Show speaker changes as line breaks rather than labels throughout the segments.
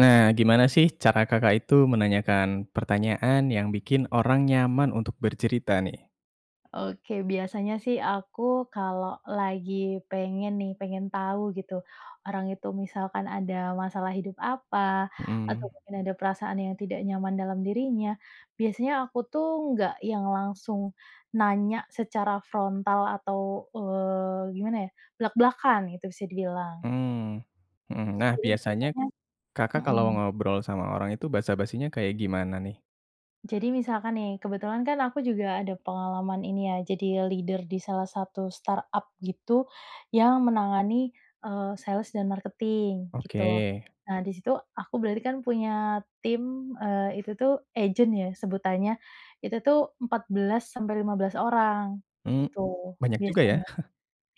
Nah, gimana sih, cara Kakak itu menanyakan pertanyaan yang bikin orang nyaman untuk bercerita nih?
Oke, biasanya sih aku kalau lagi pengen nih, pengen tahu gitu, orang itu misalkan ada masalah hidup apa atau
Hmm.
mungkin ada perasaan yang tidak nyaman dalam dirinya. Biasanya aku tuh nggak yang langsung nanya secara frontal atau, eee, gimana ya, blak-blakan itu bisa dibilang.
Hmm, hmm. Nah,
Jadi
biasanya
semisalnya
Kakak kalau
hmm.
ngobrol sama orang itu basa-basinya kayak gimana nih?
Jadi misalkan nih, kebetulan kan aku juga ada pengalaman ini ya, jadi leader di salah satu startup gitu, yang menangani, eee, sales dan marketing, gitu.
Oke.
Nah, di situ aku berarti kan punya tim, eee, itu tuh agent ya sebutannya, itu tuh 14 sampai 15 orang,
M
gitu
banyak juga ya.
biasanya.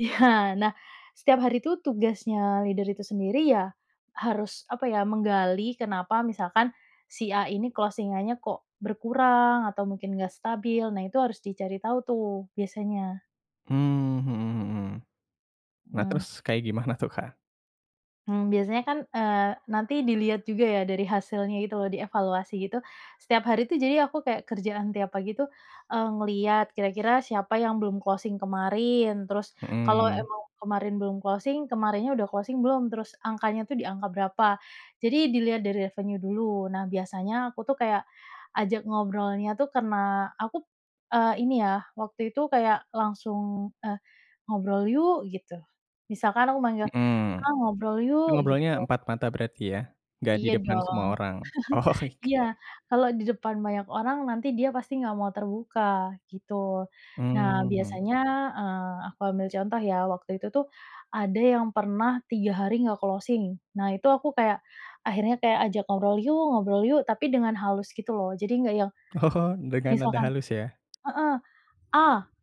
Iya, nah setiap hari tuh tugasnya leader itu sendiri ya, harus apa ya, menggali kenapa misalkan si A ini closing-annya, kok berkurang atau mungkin nggak stabil, nah itu harus dicari tahu tuh, biasanya.
Mmm, hmm hmm. Nah,
Mmm.
terus kayak gimana tuh, Kak?
Mmm, biasanya kan, eee, nanti dilihat juga ya, dari hasilnya itu loh, dievaluasi gitu, setiap hari tuh, jadi aku kayak kerjaan tiap pagi tuh, eee, ngelihat kira-kira siapa yang belum closing kemarin. Terus kalau
Mhm.
emang kemarin belum closing kemarinnya udah closing belum? Terus angkanya tuh di angka berapa? Jadi dilihat dari revenue dulu. Nah biasanya aku tuh kayak, ajak ngobrolnya tuh kena, aku, eee, ini ya waktu itu kayak langsung, eee, "Ngobrol yuk!" gitu. Misalkan aku manggil,
Mhm.
"Ah ngobrol
Itu
yuk,"
ngobrolnya
gitu.
empat mata berarti ya, enggak di
Iya
depan semua
dong.
orang? oke
Iya, kalau di depan banyak orang nanti dia pasti nggak mau terbuka, gitu. Nah
Mmm, hmm.
biasanya, eee, aku ambil contoh ya, waktu itu tuh, ada yang pernah 3 hari nggak closing. Nah itu aku kayak, akhirnya kayak ajak ngobrol yuk ngobrol yuk, tapi dengan halus gitu loh. Jadi nggak yang,
Oh, dengan nada
misalkan
halus ya?
heeh, "A!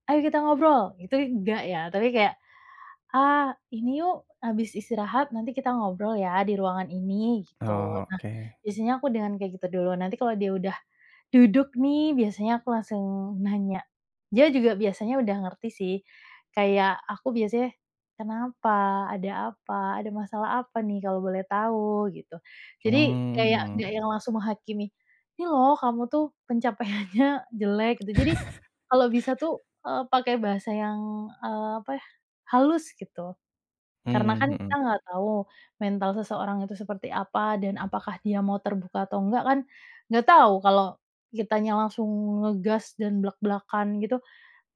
Ayo kita ngobrol" gitu enggak ya. Tapi kayak, "A ini yuk, habis istirahat nanti kita ngobrol ya di ruangan ini," gitu.
Oh,
Nah,
oke.
biasanya aku dengan kayak gitu duluan, nanti kalau dia udah, duduk nih biasanya aku langsung nanya, dia juga biasanya udah ngerti sih, kayak aku biasanya, "Kenapa? Ada apa? Ada masalah apa nih kalau boleh tahu?" gitu. Jadi, kayak nggak
Mmm.
yang langsung menghakimi, "Ini loh kamu tuh pencapaiannya jelek." Jadi, kalau bisa tuh, eee, pakai bahasa yang, eee, apa ya, halus gitu. Karena
Mmm,
kan kita
mhm.
nggak tahu, mental seseorang itu seperti apa, dan apakah dia mau terbuka atau nggak kan, enggak tahu kalau kitanya langsung ngegas dan blak-blakan, gitu,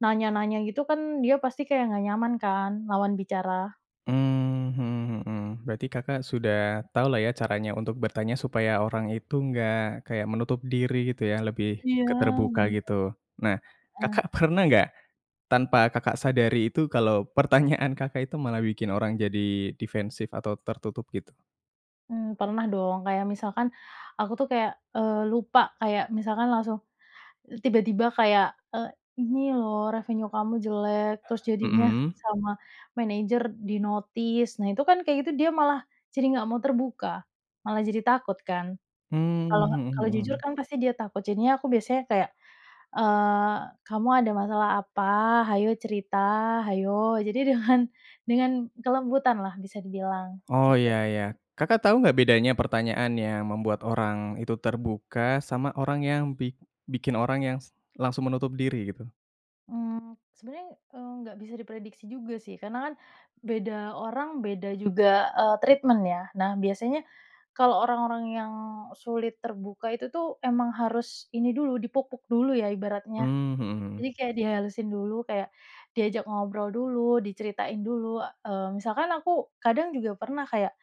nanya-nanya gitu kan, dia pasti kayak nggak nyaman kan, lawan bicara.
Mmm, mhm mhm. Berarti Kakak sudah tahulah ya caranya untuk bertanya supaya orang itu enggak kayak menutup diri gitu ya, lebih
Iya,
ke terbuka
benar.
gitu. Nah,
Eh.
Kakak pernah enggak, tanpa Kakak sadari itu kalau pertanyaan Kakak itu malah bikin orang jadi defensif atau tertutup gitu?
Mmm, pernah dong kayak misalkan, aku tuh kayak, eee, lupa, kayak misalkan langsung, tiba-tiba kayak, "Eee, ini loh revenue kamu jelek, terus jadinya,
Hmm.
sama manager di-notice. "Nah, itu kan kayak gitu dia malah jadi nggak mau terbuka, malah jadi takut kan?
Mmm,
Kalau
mhm
kalau jujur
mhm.
kan pasti dia takut, jadinya aku biasanya kayak, eee, "Kamu ada masalah apa? hayo cerita, hayo." Jadi dengan dengan kelembutan lah bisa dibilang,
Oh,
gitu.
ya ya, Kakak tahu enggak bedanya pertanyaan yang membuat orang itu terbuka, sama orang yang bi bikin orang yang s langsung menutup diri gitu?
Mmm, sebenarnya, eee, nggak bisa diprediksi juga sih. Karena kan beda orang, beda juga, eee, treatment ya. Nah, biasanya, kalau orang-orang yang sulit terbuka itu tuh, emang harus ini dulu, dipuk-puk dulu ya, ibaratnya.
Mmm, mhm mhm.
Jadi kayak dihalusin dulu, kayak diajak ngobrol dulu, diceritain dulu. Eee, misalkan aku, kadang juga pernah kayak,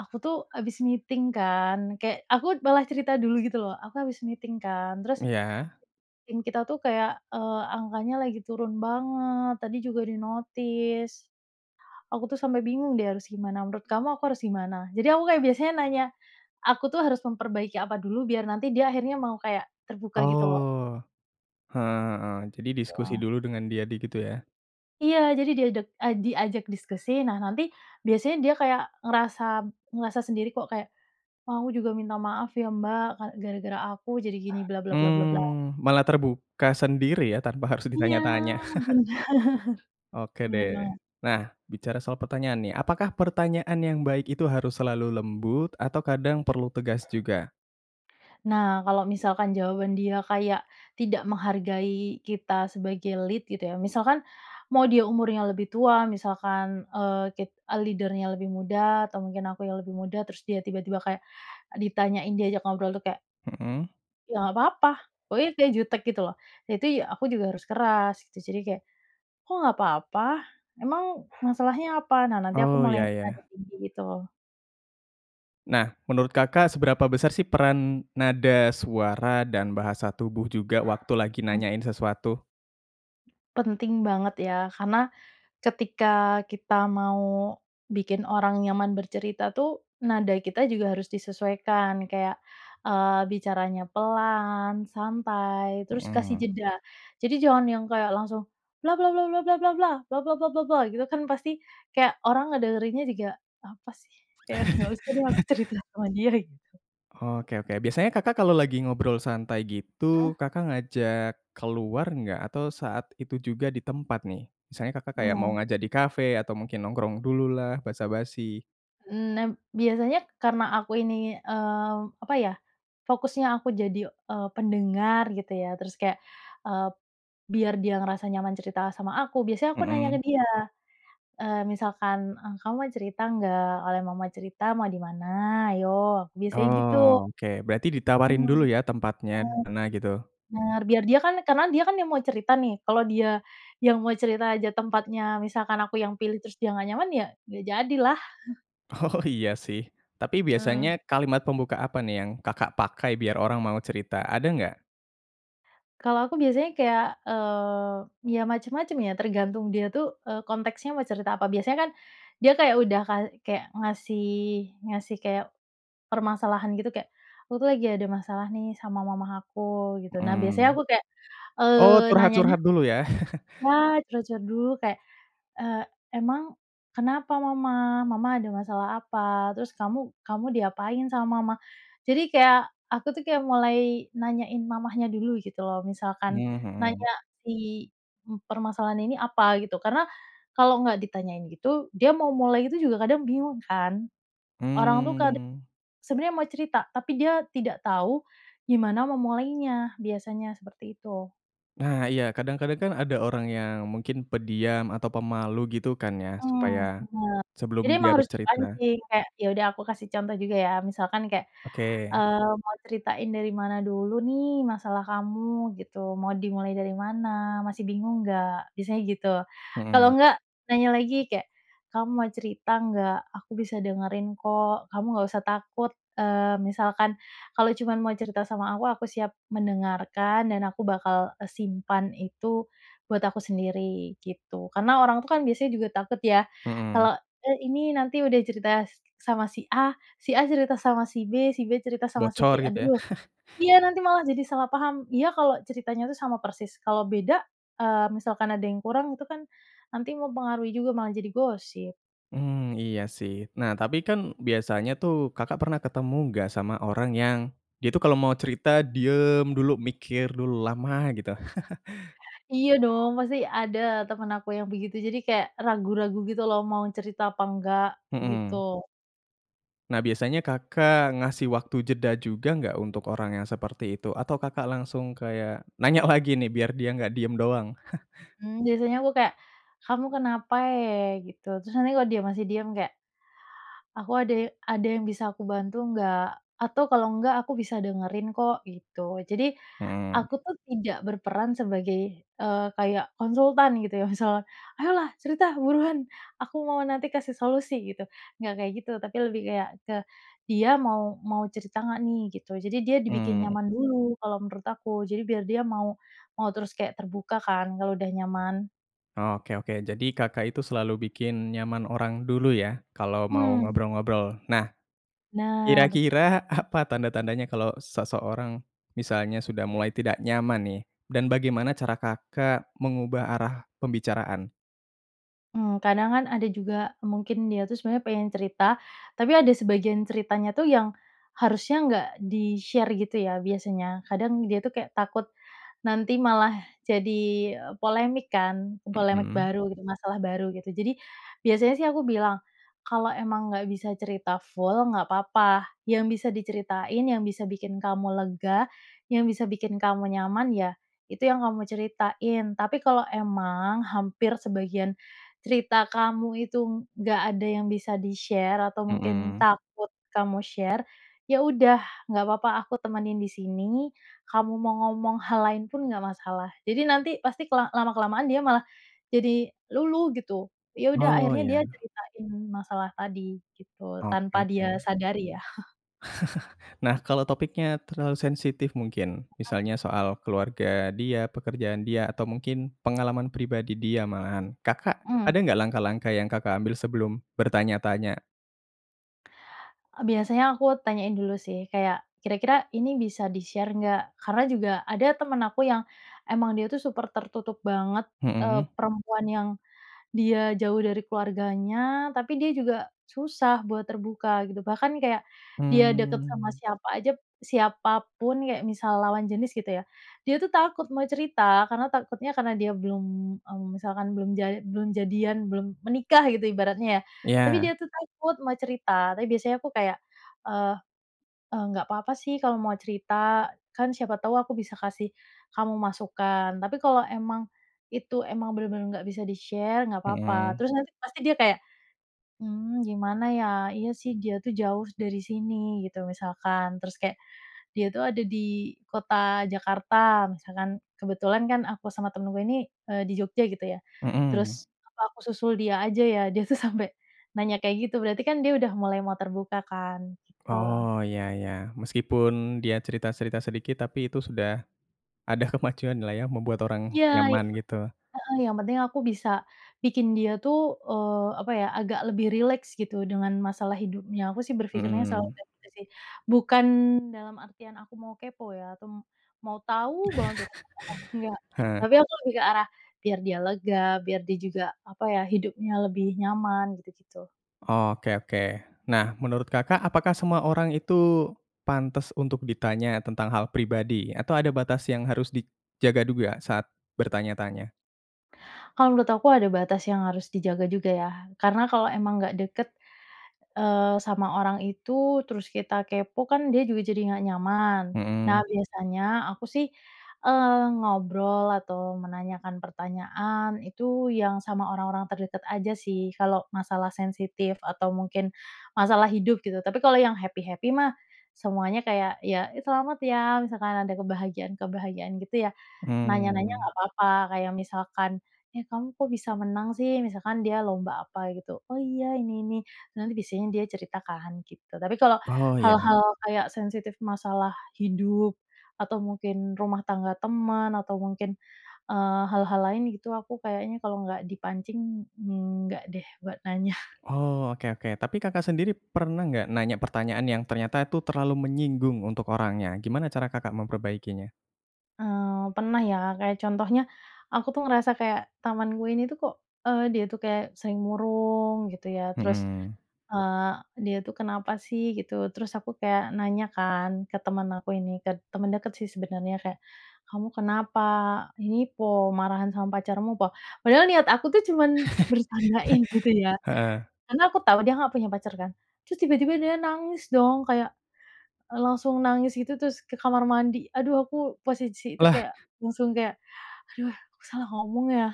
aku tuh habis meeting kan, kayak, aku malah cerita dulu gitu loh, "aku habis meeting kan, terus"
Iya?
"tim kita tuh kayak, eee, angkanya lagi turun banget, tadi juga di-notice. Aku tuh sampai bingung deh harus gimana, menurut kamu aku harus gimana?" Jadi aku kayak biasanya nanya, aku tuh harus memperbaiki apa dulu, biar nanti dia akhirnya, mau kayak terbuka gitu loh.
Oh, heeh heeh, jadi diskusi
[unintelligible]
dulu dengan dia di gitu ya?
Iya, jadi diadek ah, diajak diskusi. Nah nanti, biasanya dia kayak ngerasa ngerasa sendiri kok, kayak, "Wah aku juga minta maaf ya Mbak, ka gara-gara aku jadi gini," bla bla bla bla bla.
Mmm, malah
[unintelligible]
terbuka sendiri ya tanpa harus
Iya,
ditanya-tanya?
benar
Oke
benar banget.
deh, nah bicara soal pertanyaan nih, apakah pertanyaan yang baik itu harus selalu lembut, atau kadang perlu tegas juga?
Nah kalau misalkan jawaban dia kayak, tidak menghargai kita sebagai lead, gitu ya. Misalkan, mau dia umurnya lebih tua, misalkan, eee, kit ah, leader-nya lebih muda atau mungkin aku yang lebih muda, terus dia tiba-tiba kayak ditanyain, diajak ngobrol tuh kayak
Hmm.
"ya nggak papa," pokoknya kayak jutek gitu loh. Jati aku juga harus keras gitu, jadi kayak, "Kok nggak papa? Emang, masalahnya apa?" nah nanti aku
Oh,
mulai
ya
nada
ya.
tinggi gitu loh.
Nah, menurut Kakak seberapa besar sih peran, nada suara dan bahasa tubuh juga waktu lagi
Mmm.
nanyain sesuatu?
Penting banget ya, karena, ketika kita mau bikin orang nyaman bercerita tuh, nada kita juga harus disesuaikan kayak, eee, bicaranya pelan, santai, terus kasih
Mhm.
jeda. Jadi jangan yang kayak langsung, bla bla bla bla bla bla bla, bla bla bla bla bla gitu kan pasti, kayak orang ngederinnya juga, "Apa sih?" Kayak, "Nggak usah deh aku cerita sama dia," gitu.
Oke oke, biasanya Kakak kalau lagi ngobrol santai
Hmm.
gitu, Kakak ngajak keluar enggak? Atau saat itu juga di tempat nih, misalnya Kakak kayak mau
Nah.
ngajak di cafe, atau mungkin nongkrong dulu lah basa-basi.
Mmm, nah, biasanya karena aku ini, eee, apa ya, fokusnya aku jadi, eee, pendengar, gitu ya. Terus kayak, eee, biar dia ngerasa nyaman cerita sama aku, biasanya aku nanya ke
Mhm.
dia, eee, misalkan, "Eh, kamu mau cerita nggak? Kalau memang mau cerita, mau di mana? Ayo," aku biasanya gitu.
Oh oke, berarti ditawarin dulu
[unintelligible]
ya, tempatnya di mana gitu?
Benar, biar dia kan karena dia kan yang mau cerita nih, kalau dia yang mau cerita aja tempatnya, misalkan aku yang pilih, terus dia, nggak nyaman ya nggak jadi lah.
Oh iya sih, tapi
Mmm.
biasanya kalimat pembuka apa nih yang Kakak pakai biar orang mau cerita, ada nggak?
Kalau aku biasanya kayak, eee, ya, macam-macam, ya, tergantung dia, tuh, eee, konteksnya mau cerita apa. Biasanya, kan, dia kayak udah kay kayak ngasih ngasih kayak permasalahan, gitu. Kayak, "Aku, tuh, lagi ada masalah, nih, sama mama aku," gitu. Nah, biasanya
Mmm.
aku kayak,
Oh,
eee, nanyanya
curhat-curhat dulu, ya.
nah, curhat-curhat dulu, kayak, "Eee, emang kenapa mama? Mama ada masalah apa? Terus kamu kamu diapain sama mama?" Jadi kayak aku, tuh, kayak mulai nanyain mamanya dulu, gitu, loh. Misalkan
Hmm, mhm.
nanya si permasalahannya ini apa, gitu, karena kalau nggak ditanyain gitu, dia mau mulai itu juga kadang bingung, kan. Orang, tuh, kadang
Mmm.
sebenarnya mau cerita tapi dia tidak tau gimana memulainya, biasanya seperti itu.
Nah, iya, kadang-kadang, kan, ada orang yang mungkin pendiam atau pemalu, gitu, kan, ya.
M mmm,
Supaya
bener.
sebelum
Jadi
dia
emang harus
bercerita.
dipancing, kayak, ya, udah, aku kasih contoh juga, ya, misalkan kayak,
Oke.
eee, "Mau ceritain dari mana dulu, nih, masalah kamu?" gitu. "Mau dimulai dari mana? Masih bingung nggak?" Biasanya gitu. Kalau
Mhm.
nggak, nanya lagi kayak, "Kamu mau cerita nggak? Aku bisa dengerin, kok, kamu nggak usah takut, eee, misalkan kalau cuman mau cerita sama aku, aku siap mendengarkan dan aku bakal, eee, simpan itu buat aku sendiri." gitu. Karena orang itu, kan, biasanya juga takut, ya,
Mhm.
kalau, eh, ini, nanti udah cerita sama si A, si A cerita sama si B, si B cerita sama si
Bocor,
C,
gitu, ya.
aduh iya, nanti malah jadi salah paham. Iya kalau ceritanya, tuh, sama persis. Kalau beda, eee, misalkan ada yang kurang itu, kan, nanti mempengaruhi juga, malah jadi gosip.
Mmm, iya, sih. Nah, tapi, kan, biasanya, tuh, Kakak pernah ketemu nggak sama orang yang dia, tuh, kalau mau cerita diem dulu, mikir dulu lama, gitu?
Iya, dong, pasti ada teman aku yang begitu. Jadi kayak ragu-ragu, gitu, loh, mau cerita apa enggak, gitu.
Mhm. Nah, biasanya Kakak ngasih waktu jeda juga nggak untuk orang yang seperti itu? Atau Kakak langsung kayak nanya lagi, nih, biar dia nggak diem doang?
Mmm, biasanya aku kayak, "Kamu kenapa e?" Gitu. Terus, nanti kalau dia masih diam kayak, "Aku ada ada yang bisa aku bantu nggak? Atau kalau nggak, aku bisa dengerin, kok," gitu. Jadi
Mhm.
aku, tuh, tidak berperan sebagai, eee, kayak konsultan, gitu, ya, misal, "Ayolah cerita, buruan! Aku mau nanti kasih solusi," gitu. Nggak kayak gitu, tapi lebih kayak ke dia mau mau cerita nggak, nih, gitu. Jadi dia dibikin
Mmm.
nyaman dulu kalau menurut aku, jadi biar dia mau mau terus kayak terbuka, kan, kalau udah nyaman.
Oh, oke oke. Jadi Kakak itu selalu bikin nyaman orang dulu, ya, kalau mau
Mmm.
ngobrol-ngobrol. Nah,
Benar.
kira-kira apa tanda-tandanya kalau seseorang misalnya sudah mulai tidak nyaman, nih, dan bagaimana cara Kakak mengubah arah pembicaraan?
Mmm. Kadang, kan, ada juga mungkin dia, tuh, sebenarnya pengen cerita, tapi ada sebagian ceritanya, tuh, yang harusnya nggak di-share, gitu, ya, biasanya. Kadang dia, tuh, kayak takut nanti malah jadi polemik, kan, polemik
Mhm.
baru, masalah baru, gitu. Jadi biasanya, sih, aku bilang, "Kalau emang nggak bisa cerita full, nggak papa. Yang bisa diceritain, yang bisa bikin kamu lega, yang bisa bikin kamu nyaman, ya, itu yang kamu ceritain. Tapi, kalau emang hampir sebagian cerita kamu itu nggak ada yang bisa di-share, atau mungkin
Mhm.
takut kamu share, ya, udah nggak papa, aku temenin di sini, kamu mau ngomong hal lain pun nggak masalah." Jadi nanti pasti kela lama-kelamaan dia malah jadi luluh, gitu. Ya, udah,
Oh,
akhirnya
ya.
dia ceritain masalah tadi, gitu.
Oke
Tanpa dia
oke.
sadari, ya.
Nah, kalau topiknya terlalu sensitif mungkin,
[unintelligible]
misalnya soal keluarga dia, pekerjaan dia, atau mungkin pengalaman pribadi dia malahan, Kakak
Mmm.
ada nggak langkah-langkah yang Kakak ambil sebelum bertanya-tanya?
Eee, biasanya aku tanyain dulu, sih. Kayak, kira-kira ini bisa di-share, nggak? Karena juga ada teman aku yang emang dia, tuh, super tertutup banget, eee,
Mhm.
perempuan yang dia jauh dari keluarganya, tapi dia juga susah buat terbuka, gitu. Bahkan, nih, kayak dia dekat sama
Mmm.
siapa aja, siapa pun, kayak misal lawan jenis, gitu ya, dia, tuh, takut mau cerita, karena takutnya karena dia belum, mmm, misalkan belum jal belum jadian, belum menikah, gitu, ibaratnya, ya. Tapi
Iya.
dia, tuh, takut mau cerita. Tapi biasanya aku kayak, eee eee, "Nggak papa, sih, kalau mau cerita. Kan, siapa tau aku bisa kasih kamu masukan. Tapi kalau emang itu emang benar-benar nggak bisa di-share, nggak papa."
Mhm.
Terus nanti pasti dia kayak, "Mmm, gimana, ya? Iya, sih, dia, tuh, jauh dari sini." Gitu misalkan. Terus kayak, "Dia, tuh, ada di kota Jakarta." Misalkan. Kebetulan, kan, aku sama temenku ini, eee, di Jogja, gitu, ya.
Mhm.
Terus, "Apa aku susul dia aja, ya?" Dia, tuh, sampai nanya kayak gitu. Berarti, kan, dia udah mulai mau terbuka, kan. Gitu.
Oh, ya ya. Meski pun dia cerita-cerita sedikit, tapi itu sudah ada kemajuan, lah, ya, membuat orang
Iya,
nyaman,
itu.
gitu.
Heeh. Yang penting aku bisa bikin dia, tuh, eee, apa, ya, agak lebih rileks, gitu, dengan masalah hidupnya. Aku, sih, berpikirnya selalu
Mhm.
kayak gitu, sih. Bukan dalam artian aku mau kepo, ya, atau mau tau banget urusan orang, enggak.
Heeh.
Tapi aku lebih ke arah, biar dia lega, biar dia juga, apa, ya, hidupnya lebih nyaman, gitu-gitu.
Oke oke. Nah, menurut Kakak apakah semua orang itu pantas untuk ditanya tentang hal pribadi atau ada batas yang harus dijaga juga saat bertanya-tanya?
Kalau menurut aku ada batas yang harus dijaga juga, ya, karena kalau emang nggak dekat, eee, sama orang itu terus kita kepo, kan, dia juga jadi nggak nyaman. Nah,
Mhm.
biasanya aku, sih, eee, ngobrol atau menanyakan pertanyaan itu yang sama orang-orang terdekat aja, sih, kalau masalah sensitif atau mungkin masalah hidup, gitu, tapi kalau yang happy-happy, mah, semuanya kayak, ya, "Ih, selamat, ya." Misalkan ada kebahagiaan-kebahagiaan, gitu, ya, nanya-nanya
Mmm.
nggak papa, kayak misalkan, "Eh, kamu kok bisa menang, sih?" Misalkan dia lomba apa, gitu, "Oh, iya, ini ini." Nanti biasanya dia cerita, kan, gitu. Tapi kalau
Oh, iya.
hal-hal kayak sensitif masalah hidup, atau mungkin rumah tangga teman, atau mungkin, eee, hal-hal lain, gitu, aku kayaknya kalau nggak dipancing enggak, deh, buat nanya.
Oh, oke oke. Tapi Kakak sendiri pernah nggak nanya pertanyaan yang ternyata tu terlalu menyinggung untuk orangnya? Gimana cara Kakak memperbaikinya?
Eee, pernah, ya, kayak contohnya, aku, tuh, ngerasa kayak temanku ini, tuh, kok, eee, dia itu kayak sering murung, gitu, ya, terus,
Mhm.
eee, dia, tuh, kenapa, sih, gitu, terus aku kayak nanya, kan, ke teman aku ini, ke teman dekat, sih, sebenarnya, kayak, "Kamu kenapa, ini po? Marahan sama pacarmu po?" Padahal niat aku tuh cuman bercandain, gitu, ya,
Heeh.
karena aku tau dia nggak punya pacar, kan, terus tiba-tiba dia nangis, dong, kayak, eee, langsung nangis, gitu, terus ke kamar mandi. Aduh, aku posisi itu
Lah.
kayak langsung kayak, "Aduh, aku salah ngomong, ya,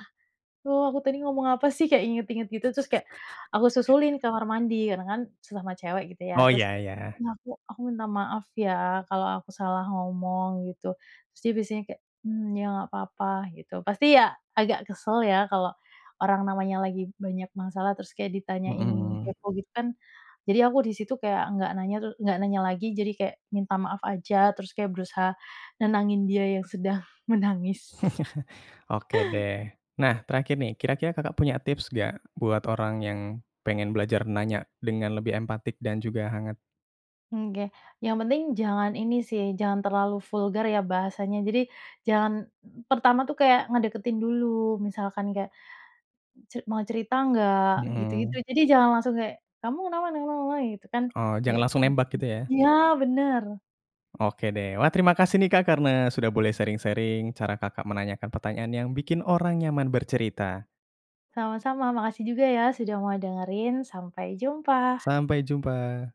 duh, aku tadi ngomong apa, sih?" Kayak ingat-ingat, gitu terus, kayak aku susulin ke kamar mandi karena, kan, sesama cewek, gitu, ya,
Oh,
terus,
iya iya.
"Ya, aku aku minta maaf, ya, kalau aku salah ngomong." Gitu, terus dia biasanya kayak, mmm, "Ya nggak apa-apa." Gitu. Pasti, ya, agak kesel, ya, kalau orang namanya lagi banyak masalah terus kayak ditanyain
Mhm.
kepo, gitu, kan, jadi aku di situ kayak nggak nanya, tuh nggak nanya lagi jadi kayak minta maaf aja, terus kayak berusaha nenangin dia yang sedang menangis.
Oke, deh. Nah, terakhir, nih, kira-kira Kakak punya tips nggak buat orang yang pengen belajar nanya dengan lebih empatik dan juga hangat?
Nggeh, yang penting jangan ini, sih, jangan terlalu vulgar, ya, bahasanya, jadi jangan pertama, tuh, kayak ngedeketin dulu, misalkan kayak, "Ce mau cerita nggak?" Gitu-gitu,
Mhm.
jadi jangan langsung kayak, "Kamu kenapa?" [unintelligible] Gitu, kan.
Oh,
Ya,
jangan langsung
mhm.
nembak, gitu, ya?
Iya, benar.
Oke, deh. Wah, terima kasih, nih, Kak, karena sudah boleh sharing-sharing cara Kakak menanyakan pertanyaan yang bikin orang nyaman bercerita.
Sama-sama, makasih juga, ya, sudah mau dengerin, sampai jumpa.
Sampai jumpa.